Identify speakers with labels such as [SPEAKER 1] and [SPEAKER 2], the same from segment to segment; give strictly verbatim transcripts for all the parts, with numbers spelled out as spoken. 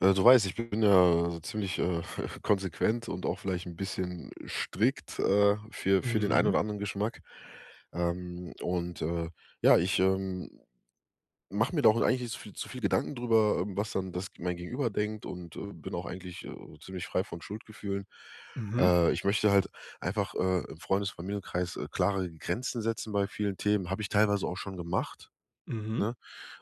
[SPEAKER 1] Äh, du weißt, ich bin ja ziemlich, äh, konsequent und auch vielleicht 'n bisschen strikt, äh, für für den ein
[SPEAKER 2] Hm.
[SPEAKER 1] oder anderen Geschmack. Ähm, und, äh, ja, ich, ähm, mach mir da auch eigentlich nicht zu viel zu viel Gedanken drüber, ähm, was dann das g mein Gegenüber denkt und, äh, bin auch eigentlich, äh, ziemlich frei von Schuldgefühlen.
[SPEAKER 2] Mhm.
[SPEAKER 1] Äh, ich möchte halt einfach, äh, im Freundes, Familienkreis, äh, klare Grenzen setzen bei vielen Themen. Hab ich teilweise auch schon gemacht,
[SPEAKER 2] Mhm.
[SPEAKER 1] ne?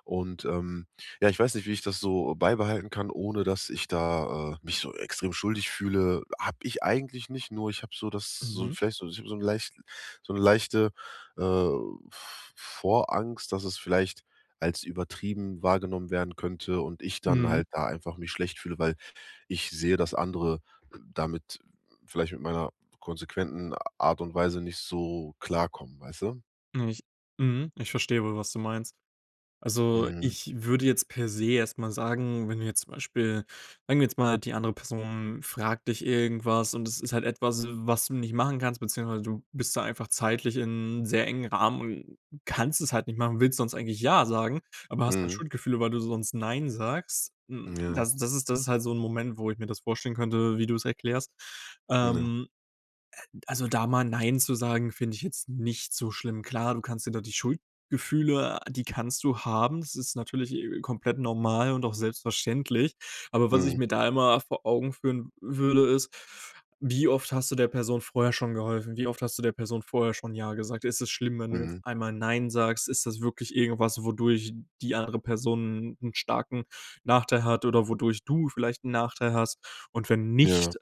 [SPEAKER 1] Und, ähm, ja, ich weiß nicht, wie ich das so beibehalten kann, ohne dass ich da, äh, mich so extrem schuldig fühle. Hab ich eigentlich nicht, nur ich hab so das so
[SPEAKER 2] Mhm.
[SPEAKER 1] vielleicht so so 'n leicht so 'ne leichte, äh, V Vorangst, dass es vielleicht als übertrieben wahrgenommen werden könnte und ich dann
[SPEAKER 2] Hm.
[SPEAKER 1] halt da einfach mich schlecht fühle, weil ich sehe, dass andere damit vielleicht mit meiner konsequenten Art und Weise nicht so klarkommen, weißt du?
[SPEAKER 2] [unintelligible] Hm. Ich verstehe wohl, was du meinst. Also
[SPEAKER 1] Mm.
[SPEAKER 2] ich würde jetzt per se erst mal sagen, wenn du jetzt zum Beispiel sagen wir jetzt mal, die andere Person fragt dich irgendwas, und das ist halt etwas, was du nicht machen kannst beziehungsweise du bist da einfach zeitlich in sehr engem Rahmen und kannst es halt nicht machen, willst sonst eigentlich ja sagen, aber hast halt
[SPEAKER 1] Mhm.
[SPEAKER 2] Schuldgefühle, weil du sonst nein sagst. Hm,
[SPEAKER 1] Ja.
[SPEAKER 2] das das ist das ist halt so 'n Moment, wo ich mir das vorstellen könnte, wie du es erklärst.
[SPEAKER 1] Ja.
[SPEAKER 2] Ähm. Äh, also da mal nein zu sagen, finde ich jetzt nicht so schlimm. Klar, du kannst dir da die Schuldgefühle die kannst du haben. Das ist natürlich, äh, komplett normal und auch selbstverständlich. Aber was ich
[SPEAKER 1] Mhm.
[SPEAKER 2] mir da immer vor Augen führen würde, ist, wie oft hast du der Person vorher schon geholfen? Wie oft hast du der Person vorher schon ja gesagt? Ist es schlimm, wenn du jetzt
[SPEAKER 1] Mhm.
[SPEAKER 2] einmal nein sagst? Ist das wirklich irgendwas, wodurch die andere Person 'n starken Nachteil hat oder wodurch du vielleicht 'n Nachteil hast? Und wenn
[SPEAKER 1] Ja.
[SPEAKER 2] nicht,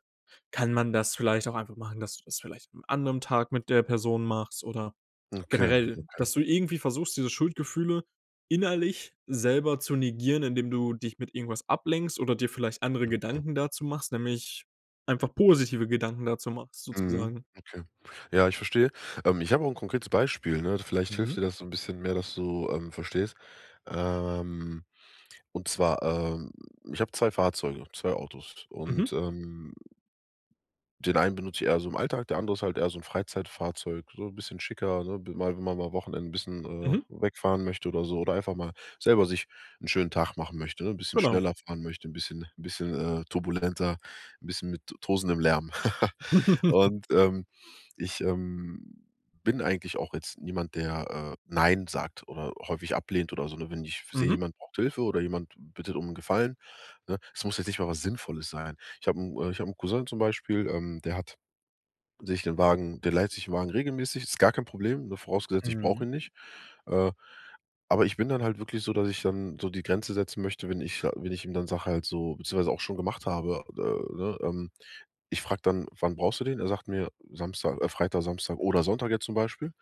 [SPEAKER 2] kann man das vielleicht auch einfach machen, dass du das vielleicht am anderen Tag mit der Person machst oder
[SPEAKER 1] Okay,
[SPEAKER 2] generell,
[SPEAKER 1] okay.
[SPEAKER 2] dass du irgendwie versuchst, diese Schuldgefühle innerlich selber zu negieren, indem du dich mit irgendwas ablenkst oder dir vielleicht andere
[SPEAKER 1] Okay.
[SPEAKER 2] Gedanken dazu machst, nämlich einfach positive Gedanken dazu machst,
[SPEAKER 1] Mhm.
[SPEAKER 2] sozusagen.
[SPEAKER 1] Okay. Ja, ich verstehe. Ähm, ich hab auch 'n konkretes Beispiel, ne. Vielleicht hilft dir
[SPEAKER 2] Mhm.
[SPEAKER 1] das so'n bisschen mehr, dass du, ähm, verstehst. Ähm, und zwar, ähm, ich hab zwei Fahrzeuge, zwei Autos
[SPEAKER 2] Mhm.
[SPEAKER 1] und, ähm Den einen benutz ich eher so im Alltag, der andere ist halt eher so 'n Freizeitfahrzeug, so bisschen schicker also mal mal Wochenenden bisschen, äh,
[SPEAKER 2] Mhm.
[SPEAKER 1] wegfahren möchte oder so oder einfach mal selber sich 'n schönen Tag machen möchte, ne, 'n bisschen
[SPEAKER 2] Genau.
[SPEAKER 1] schneller fahren möchte, 'n bisschen 'n bisschen, äh, turbulenter, 'n bisschen mit t tosendem Lärm. Und, ähm, ich, ähm, bin eigentlich auch jetzt niemand, der, äh, nein sagt oder häufig ablehnt oder so, ne? Wenn ich seh,
[SPEAKER 2] Mhm.
[SPEAKER 1] jemand braucht Hilfe oder jemand bittet um 'n Gefallen, ne es muss jetzt nicht mal was Sinnvolles sein. Ich hab 'n ich hab 'n Cousin zum Beispiel, ähm, der hat sich den Wagen der leiht sich den Wagen regelmäßig. Ist gar kein Problem, ne, vorausgesetzt, ich brauch
[SPEAKER 2] Hm.
[SPEAKER 1] ihn nicht. Äh, aber ich bin dann halt wirklich so, dass ich dann so die Grenze setzen möchte, wenn ich sa wenn ich ihm dann sag halt so beziehungsweise auch schon gemacht habe ne? Ähm, ich frag dann: „Wann brauchst du den?“ Er sagt mir „Samstag, äh, Freitag, Samstag oder Sonntag“ jetzt zum Beispiel,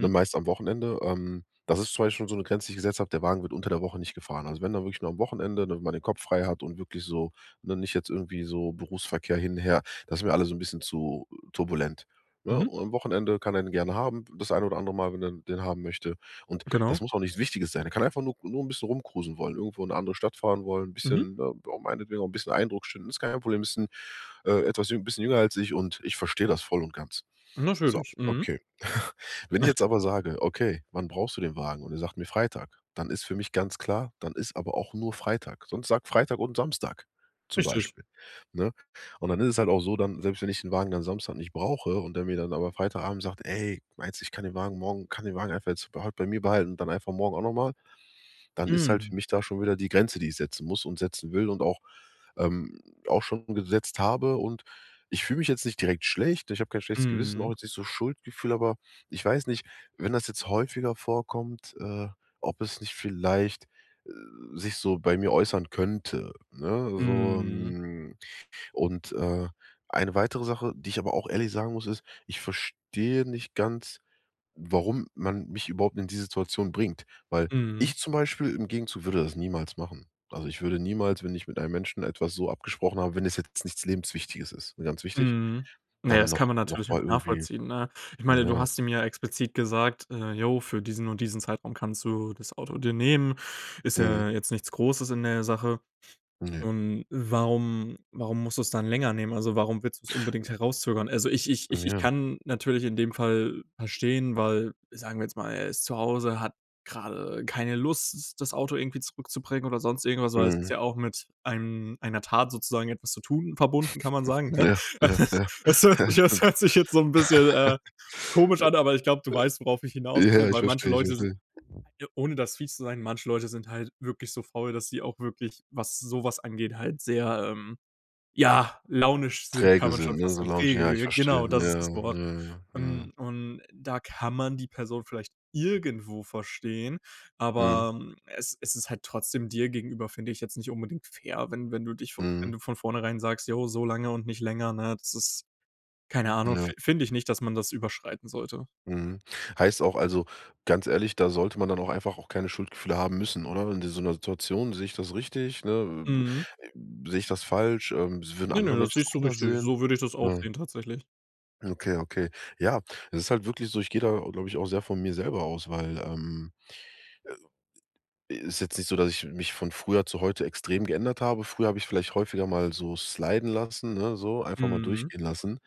[SPEAKER 1] ne, meist am Wochenende. Ähm, das ist zwar jetzt schon so 'ne Grenze, die ich gesetzt hab, der Wagen wird unter der Woche nicht gefahren. Also wenn dann wirklich nur am Wochenende, damit man den Kopf frei hat und wirklich so, ne nicht jetzt irgendwie so Berufsverkehr hin, her das ist mir alle so 'n bisschen zu turbulent, ne?
[SPEAKER 2] Mhm.
[SPEAKER 1] Und am Wochenende kann er den gerne haben, das ein oder andere Mal, wenn er den haben möchte. Und, das
[SPEAKER 2] Genau.
[SPEAKER 1] muss auch nichts Wichtiges sein. Er kann einfach nur nur 'n bisschen rumcruisen wollen, irgendwo in 'ne andere Stadt fahren wollen, 'n
[SPEAKER 2] Mhm.
[SPEAKER 1] bisschen auch meinetwegen auch 'n bisschen Eindruck schinden. Ist gar kein Problem, ist 'n, äh, etwas jü bisschen jünger als ich, und ich versteh das voll und ganz. So,
[SPEAKER 2] Natürlich. Mhm.
[SPEAKER 1] okay. Wenn ich jetzt aber sage: „Okay, wann brauchst du den Wagen?“ Und er sagt mir „Freitag“, dann ist für mich ganz klar, dann ist aber auch nur Freitag. Sonst sag "Freitag und Samstag" zum
[SPEAKER 2] Richtig.
[SPEAKER 1] Beispiel, ne? Und dann ist es halt auch so, dann selbst wenn ich den Wagen dann Samstag nicht brauche und der mir dann aber Freitagabend sagt: „Ey, meinst, ich kann den Wagen morgen kann den Wagen einfach jetzt bei heut bei mir behalten und dann einfach morgen auch noch mal“, dann ist halt für
[SPEAKER 2] Mhm.
[SPEAKER 1] mich da schon wieder die Grenze, die ich setzen muss und setzen will und auch, ähm, auch schon gesetzt habe. Und ich fühl mich jetzt nicht direkt schlecht. Ich hab kein schlechtes Gewissen, auch
[SPEAKER 2] Mhm.
[SPEAKER 1] jetzt nicht so Schuldgefühl, aber ich weiß nicht, wenn das jetzt häufiger vorkommt, äh, ob es nicht vielleicht sich so bei mir äußern könnte, ne? So,
[SPEAKER 2] Mhm.
[SPEAKER 1] hm, und, äh, eine weitere Sache, die ich aber auch ehrlich sagen muss, ist: Ich verstehe nicht ganz, warum man mich überhaupt in die Situation bringt. Weil, ich
[SPEAKER 2] Mhm.
[SPEAKER 1] zum Beispiel im Gegenzug würde das niemals machen. Also, ich würde niemals, wenn ich mit einem Menschen etwas so abgesprochen habe wenn es jetzt nichts Lebenswichtiges ist, ne, ganz wichtig
[SPEAKER 2] Mhm. Ja,
[SPEAKER 1] dann
[SPEAKER 2] das
[SPEAKER 1] noch
[SPEAKER 2] kann man
[SPEAKER 1] noch
[SPEAKER 2] natürlich auch
[SPEAKER 1] mal irgendwie,
[SPEAKER 2] nachvollziehen, ne? Ich meine, du
[SPEAKER 1] ja
[SPEAKER 2] hast ihm ja explizit gesagt: „Äh, jo, für diesen und diesen Zeitraum kannst du das Auto dir nehmen“, ist
[SPEAKER 1] Mhm.
[SPEAKER 2] ja jetzt nichts Großes in der Sache.
[SPEAKER 1] Ne.
[SPEAKER 2] Und warum warum musst du es dann länger nehmen? Also warum willst du es unbedingt herauszögern? Also, ich ich
[SPEAKER 1] Mm,
[SPEAKER 2] ich ich
[SPEAKER 1] ja.
[SPEAKER 2] kann natürlich in dem Fall verstehen weil sagen wir jetzt mal, er ist zu Hause, hat gerade keine Lust, das Auto irgendwie zurückzubringen oder sonst irgendwas, weil es ist
[SPEAKER 1] Mhm.
[SPEAKER 2] ja auch mit einem einer Tat sozusagen etwas zu tun verbunden, kann man sagen, ne?
[SPEAKER 1] Ja, ja, ja.
[SPEAKER 2] Das hört
[SPEAKER 1] Ja,
[SPEAKER 2] sich
[SPEAKER 1] das
[SPEAKER 2] das
[SPEAKER 1] stimmt.
[SPEAKER 2] hört sich jetzt so 'n bisschen, äh, komisch an, aber ich glaub, du weißt, worauf ich hinaus will,
[SPEAKER 1] Ja, ich
[SPEAKER 2] weil manche
[SPEAKER 1] verstehe, ich
[SPEAKER 2] Leute sin
[SPEAKER 1] verstehe.
[SPEAKER 2] ohne das fies zu sein, manche Leute sind halt wirklich so faul, dass sie auch wirklich, was sowas angeht halt sehr, ähm, ja, launisch sind, kann
[SPEAKER 1] Träge
[SPEAKER 2] man
[SPEAKER 1] sind,
[SPEAKER 2] schon
[SPEAKER 1] ne,
[SPEAKER 2] fast
[SPEAKER 1] so
[SPEAKER 2] sagen.
[SPEAKER 1] launisch ja, ich
[SPEAKER 2] Träge.
[SPEAKER 1] verstehe,
[SPEAKER 2] Genau,
[SPEAKER 1] mhm,
[SPEAKER 2] das ist
[SPEAKER 1] ja,
[SPEAKER 2] das Wort.
[SPEAKER 1] mhm, ja. Mhm.
[SPEAKER 2] Und und da kann man die Person vielleicht irgendwo verstehen,
[SPEAKER 1] Mhm.
[SPEAKER 2] aber es es ist halt trotzdem dir gegenüber, finde ich jetzt nicht unbedingt fair, wenn wenn du dich vo wenn
[SPEAKER 1] Mhm.
[SPEAKER 2] du von vornherein sagst: „Jo, so lange und nicht länger“, ne, das ist keine Ahnung,
[SPEAKER 1] Ja.
[SPEAKER 2] fin finde ich nicht, dass man das überschreiten sollte.
[SPEAKER 1] Mhm. Heißt auch, also ganz ehrlich, da sollte man dann auch einfach auch keine Schuldgefühle haben müssen, oder? Wenn sie in so 'ner Situation, seh ich das richtig, ne?
[SPEAKER 2] Mhm.
[SPEAKER 1] Seh ich das falsch? Ähm, würden
[SPEAKER 2] Ne, ne,
[SPEAKER 1] andere
[SPEAKER 2] das
[SPEAKER 1] Menschen
[SPEAKER 2] siehst
[SPEAKER 1] das
[SPEAKER 2] du
[SPEAKER 1] anders
[SPEAKER 2] richtig,
[SPEAKER 1] sehen?
[SPEAKER 2] so würde ich das auch
[SPEAKER 1] Hm.
[SPEAKER 2] sehen tatsächlich.
[SPEAKER 1] Okay, okay. Ja. Es ist halt wirklich so ich geh da, glaub ich, auch sehr von mir selber aus, weil, ähm, ist jetzt nicht so, dass ich mich von früher zu heute extrem geändert habe. Früher hab ich vielleicht häufiger mal so sliden lassen, ne, so, einfach mal
[SPEAKER 2] Mhm.
[SPEAKER 1] durchgehen lassen.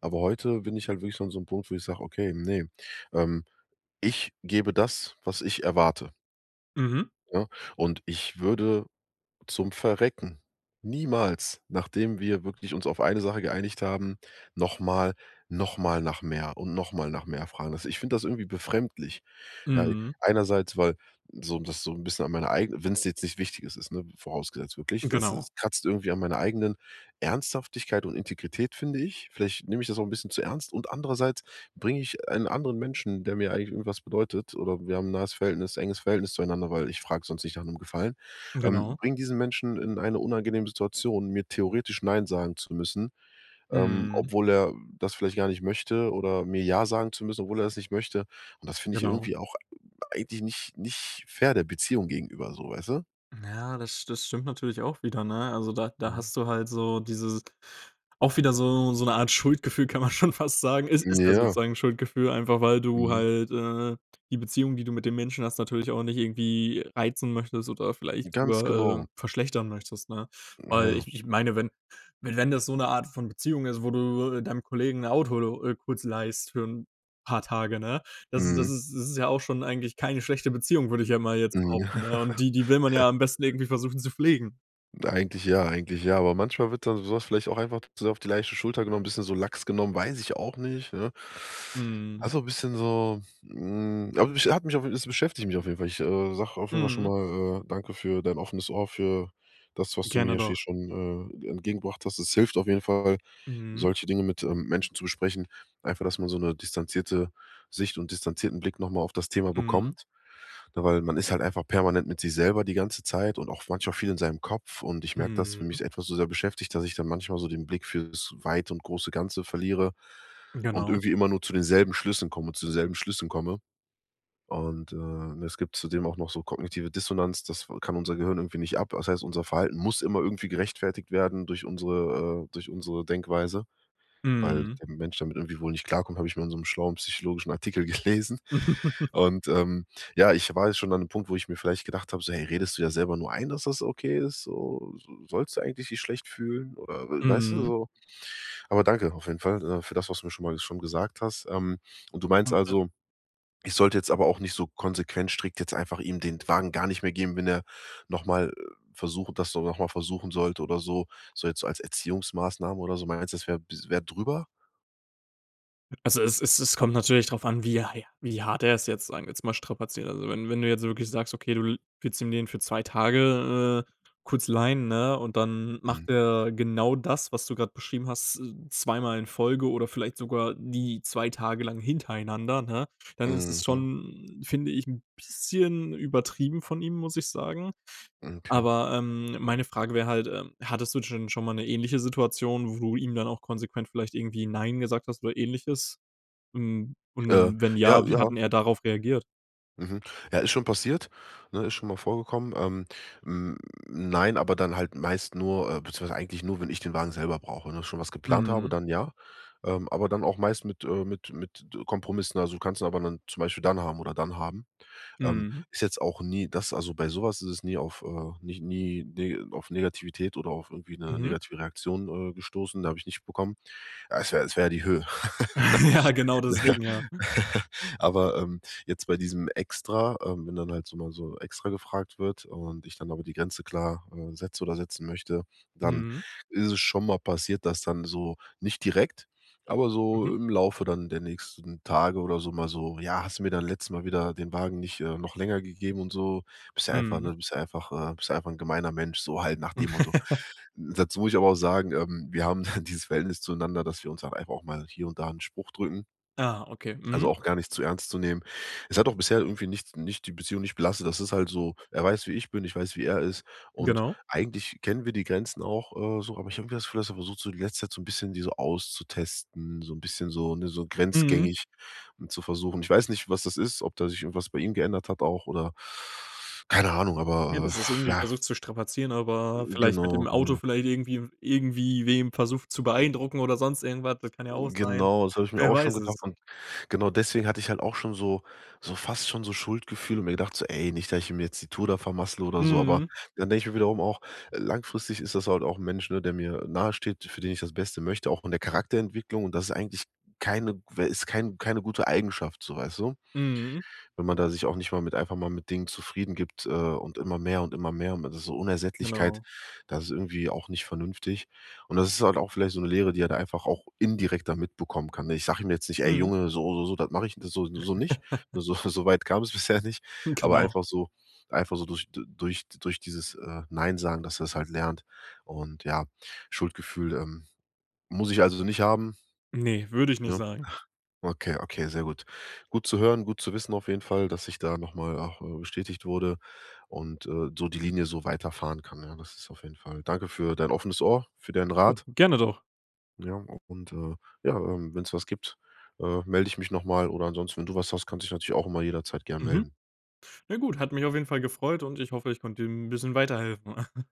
[SPEAKER 1] Aber heute bin ich halt wirklich an so 'nem Punkt, wo ich sag: „Okay, ne, ähm, ich gebe das, was ich erwarte.“
[SPEAKER 2] Mhm.
[SPEAKER 1] Ne, und ich würde zum Verrecken niemals, nachdem wir wirklich uns auf eine Sache geeinigt haben, noch mal noch mal nach mehr und noch mal nach mehr fragen. Also, ich find das irgendwie befremdlich, ja?
[SPEAKER 2] Mhm.
[SPEAKER 1] Einerseits, weil so das so 'n bisschen an meine eigene wenn's jetzt nicht wichtig ist, ne, vorausgesetzt wirklich das
[SPEAKER 2] Genau.
[SPEAKER 1] kratzt irgendwie an meiner eigenen Ernsthaftigkeit und Integrität, finde ich. Vielleicht nehm ich das auch 'n bisschen zu ernst, und andererseits bring ich einen anderen Menschen, der mir eigentlich irgendwas bedeutet oder wir haben 'n nahes Verhältnis enges Verhältnis zueinander, weil ich frag's sonst nicht nach 'nem Gefallen. Ähm,
[SPEAKER 2] Genau.
[SPEAKER 1] bring diesen Menschen in eine unangenehme Situation, mir theoretisch nein sagen zu müssen, ähm,
[SPEAKER 2] Mhm.
[SPEAKER 1] obwohl er das vielleicht gar nicht möchte, oder mir ja sagen zu müssen, obwohl er das nicht möchte. Und das find ich
[SPEAKER 2] Genau.
[SPEAKER 1] irgendwie auch eigentlich nicht nicht fair der Beziehung gegenüber so, weißt du?
[SPEAKER 2] Mhm, ja, das das stimmt natürlich auch wieder, ne? Also da da
[SPEAKER 1] Hm.
[SPEAKER 2] hast du halt so dieses auch wieder so so 'ne Art Schuldgefühl, kann man schon fast sagen. Ist
[SPEAKER 1] Hm,
[SPEAKER 2] ist ja
[SPEAKER 1] ja.
[SPEAKER 2] sozusagen Schuldgefühl, einfach weil du
[SPEAKER 1] Mhm.
[SPEAKER 2] halt, äh, die Beziehung, die du mit dem Menschen hast, natürlich auch nicht irgendwie reizen möchtest oder vielleicht
[SPEAKER 1] Ganz
[SPEAKER 2] drüber,
[SPEAKER 1] genau.
[SPEAKER 2] äh, verschlechtern möchtest, ne? Weil,
[SPEAKER 1] Ja.
[SPEAKER 2] ich ich meine, wenn wenn das so 'ne Art von Beziehung ist, wo du [unintelligible] deinem Kollegen 'n Auto lo äh, kurz leihst für'n paar Tage, ne. Das ist das
[SPEAKER 1] Mhm.
[SPEAKER 2] ist das ist ja auch schon eigentlich keine schlechte Beziehung, würd ich ja mal jetzt
[SPEAKER 1] Mhm.
[SPEAKER 2] behaupten, ne? Und die die will man
[SPEAKER 1] Ja.
[SPEAKER 2] ja am besten irgendwie versuchen, zu pflegen.
[SPEAKER 1] Eigentlich ja, eigentlich ja, aber manchmal wird dann so was vielleicht auch einfach so auf die leichte Schulter genommen, bisschen so lax genommen, weiß ich auch nicht, ne.
[SPEAKER 2] Mhm.
[SPEAKER 1] Also, bisschen so, hm, aber hat mich hat mich es beschäftigt mich auf jeden Fall. Ich, äh, sage auf jeden Fall schon
[SPEAKER 2] Mhm.
[SPEAKER 1] mal, äh, danke für dein offenes Ohr, für das, was du
[SPEAKER 2] Gerne
[SPEAKER 1] mir hier
[SPEAKER 2] doch.
[SPEAKER 1] schon, äh, entgegengebracht hast. Das hilft auf jeden Fall,
[SPEAKER 2] Mhm.
[SPEAKER 1] solche Dinge mit, ähm, Menschen zu besprechen. Einfach, dass man so 'ne distanzierte Sicht und distanzierten Blick noch mal auf das Thema
[SPEAKER 2] Mhm.
[SPEAKER 1] bekommt. Weil man ist halt einfach permanent mit sich selber die ganze Zeit und auch manchmal viel in seinem Kopf, und ich merke, dass wenn
[SPEAKER 2] Mhm.
[SPEAKER 1] mich etwas so sehr beschäftigt, dass ich dann manchmal so den Blick fürs Weite und große Ganze verliere und
[SPEAKER 2] Genau.
[SPEAKER 1] irgendwie immer nur zu denselben Schlüssen komme zu selben Schlüssen komme. Und äh, es gibt zudem auch noch so kognitive Dissonanz, das wa kann unser Gehirn irgendwie nicht ab. Das heißt, unser Verhalten muss immer irgendwie gerechtfertigt werden durch unsere äh, durch unsere Denkweise. Weil
[SPEAKER 2] Mhm.
[SPEAKER 1] der Mensch damit irgendwie wohl nicht klarkommt, hab ich mal in so 'nem schlauen psychologischen Artikel gelesen. Und, ähm, ja, ich war jetzt schon an ’nem Punkt, wo ich mir vielleicht gedacht hab, so: „Hey, redest du dir selber nur ein, dass das okay ist so? So sollst du eigentlich dich schlecht fühlen?” Oder, äh, weißt du
[SPEAKER 2] Mhm.
[SPEAKER 1] so? Aber danke auf jeden Fall, äh, für das, was du mir schon mal schon gesagt hast. Ähm, und du meinst
[SPEAKER 2] [unintelligible]
[SPEAKER 1] also, ich sollte jetzt aber auch nicht so konsequent strikt jetzt einfach ihm den Wagen gar nicht mehr geben, wenn er noch mal äh versucht das so nochmal versuchen sollte oder so, so jetzt so als Erziehungsmaßnahme oder so. Meinst du, das wär bi wär drüber?
[SPEAKER 2] Also, es es es kommt natürlich drauf an, wie, ja ja wie hart er es jetzt, sagen wir's mal, strapaziert. Also wenn wenn du jetzt wirklich sagst: „Okay, du l willst ihm den für zwei Tage, äh, kurz leihen,“ ne, und dann
[SPEAKER 1] Mhm.
[SPEAKER 2] macht er genau das, was du grad beschrieben hast, z zweimal in Folge oder vielleicht sogar die zwei Tage lang hintereinander, ne, dann ist es
[SPEAKER 1] Mhm.
[SPEAKER 2] schon, finde ich, 'n bisschen übertrieben von ihm, muss ich sagen.
[SPEAKER 1] Okay.
[SPEAKER 2] Aber, ähm, meine Frage wär halt, ähm, hattest du dschen schon mal 'ne ähnliche Situation, wo du ihm dann auch konsequent vielleicht irgendwie nein gesagt hast oder Ähnliches? Und
[SPEAKER 1] Äh.
[SPEAKER 2] und wenn
[SPEAKER 1] Ja,
[SPEAKER 2] ja, wie
[SPEAKER 1] ja.
[SPEAKER 2] hat 'n er darauf reagiert?
[SPEAKER 1] Mhm. Ja, ist schon passiert, ne, ist schon mal vorgekommen. Ähm, hm, nein, aber dann halt meist nur äh, beziehungsweise eigentlich nur, wenn ich den Wagen selber brauche und auch schon was geplant habe,
[SPEAKER 2] Mhm.
[SPEAKER 1] dann ja. Ähm, aber dann auch meist mit, äh, mit mit Kompromissen. Also, kannst du aber dann zum Beispiel dann haben oder dann haben. Ähm,
[SPEAKER 2] Mhm.
[SPEAKER 1] ist jetzt auch nie, dass also bei so was ist es nie auf, äh, nicht nie nie auf Negativität oder auf irgendwie 'ne
[SPEAKER 2] Mhm.
[SPEAKER 1] negative Reaktion, äh, gestoßen, da hab ich nicht bekommen. Ah, es wär es wär ja die Höhe.
[SPEAKER 2] Ja, genau deswegen, ja.
[SPEAKER 1] Aber, ähm, jetzt bei diesem Extra, ähm, wenn dann halt so mal so extra gefragt wird und ich dann aber die Grenze klar, äh, setze oder setzen möchte, dann
[SPEAKER 2] Mhm.
[SPEAKER 1] ist es schon mal passiert, dass dann so nicht direkt, aber so
[SPEAKER 2] Mhm.
[SPEAKER 1] im Laufe dann der nächsten Tage oder so, mal so: „Ja, hast du mir dann letztes Mal wieder den Wagen nicht, äh, noch länger gegeben und so. Bist ja einfach,
[SPEAKER 2] Mhm.
[SPEAKER 1] ne bist du einfach, äh bist du einfach 'n gemeiner Mensch, so halt nach dem Motto.“ Dazu muss ich aber auch sagen, ähm, wir haben dieses Verhältnis zueinander, dass wir uns auch einfach mal hier und da 'n Spruch drücken.
[SPEAKER 2] Ah, okay.
[SPEAKER 1] Also
[SPEAKER 2] Mhm.
[SPEAKER 1] auch gar nicht zu ernst zu nehmen. Es hat auch bisher irgendwie nichts nicht die Beziehung nicht belastet. Das ist halt so. Er weiß, wie ich bin, ich weiß, wie er ist. Und
[SPEAKER 2] Genau.
[SPEAKER 1] eigentlich kennen wir die Grenzen auch, äh, so, aber ich irgendwie das Gefühl dass er versucht, so in der letzten Zeit so 'n bisschen die so auszutesten, so 'n bisschen so, ne, so
[SPEAKER 2] Mhm.
[SPEAKER 1] grenzgängig zu versuchen. Ich weiß nicht, was das ist, ob da sich irgendwas bei ihm geändert hat auch oder keine Ahnung,
[SPEAKER 2] Ja,
[SPEAKER 1] aber
[SPEAKER 2] das er's irgendwie
[SPEAKER 1] ja.
[SPEAKER 2] versucht zu strapazieren, aber
[SPEAKER 1] Mm,
[SPEAKER 2] vielleicht mit dem
[SPEAKER 1] genau,
[SPEAKER 2] Auto
[SPEAKER 1] genau.
[SPEAKER 2] vielleicht irgendwie irgendwie wem versucht zu beeindrucken oder sonst irgendwas, das kann ja auch sein.
[SPEAKER 1] Genau, das habe ich mir
[SPEAKER 2] Wer
[SPEAKER 1] auch schon
[SPEAKER 2] weiß
[SPEAKER 1] gedacht.
[SPEAKER 2] es?
[SPEAKER 1] Und genau deswegen hatte ich halt auch schon so so fast schon so Schuldgefühle und mir gedacht so: „Ey, nicht, dass ich ihm jetzt die Tour da vermassle oder so“, aber
[SPEAKER 2] Mhm.
[SPEAKER 1] dann denk ich mir wiederum auch: „Äh, langfristig ist das halt auch 'n Mensch, ne, der mir nahesteht, für den ich das Beste möchte, auch von der Charakterentwicklung, und das ist eigentlich keine w ist kein keine gute Eigenschaft so, weißt du?“
[SPEAKER 2] Mhm.
[SPEAKER 1] Wenn man da sich auch nicht mal mit einfach mal mit Dingen zufrieden gibt, äh, und immer mehr und immer mehr und das ist so Unersättlichkeit,
[SPEAKER 2] Genau.
[SPEAKER 1] das ist irgendwie auch nicht vernünftig. Und das ist halt auch vielleicht so 'ne Lehre, die er da einfach auch indirekt dann mitbekommen kann, ne? Ich sag ihm jetzt nicht: „Ey
[SPEAKER 2] Mhm.
[SPEAKER 1] Junge, so so so das mach ich das so so nicht.“ Ne, so so weit kam es bisher nicht. Aber
[SPEAKER 2] Genau.
[SPEAKER 1] einfach so einfach so durch d durch durch dieses, äh, Neinsagen, dass er das halt lernt. Und ja, Schuldgefühl, ähm, muss ich also nicht haben?
[SPEAKER 2] Ne, würd ich nicht
[SPEAKER 1] Ne?
[SPEAKER 2] sagen.
[SPEAKER 1] Okay, okay, sehr gut. Gut zu hören, gut zu wissen auf jeden Fall, dass ich da noch mal auch, äh, bestätigt wurde und, äh, so die Linie so weiterfahren kann, ja? Das ist auf jeden Fall Danke für dein offenes Ohr, für deinen Rat.
[SPEAKER 2] Gerne doch.
[SPEAKER 1] Ja, auch und äh, ja, ähm, wenn's was gibt, äh, melde ich mich noch mal oder ansonsten, wenn du was hast, kannst du dich natürlich auch immer jederzeit gern
[SPEAKER 2] Mhm.
[SPEAKER 1] melden.
[SPEAKER 2] Ne gut, hat mich auf jeden Fall gefreut und ich hoffe, ich konnte dir 'n bisschen weiterhelfen.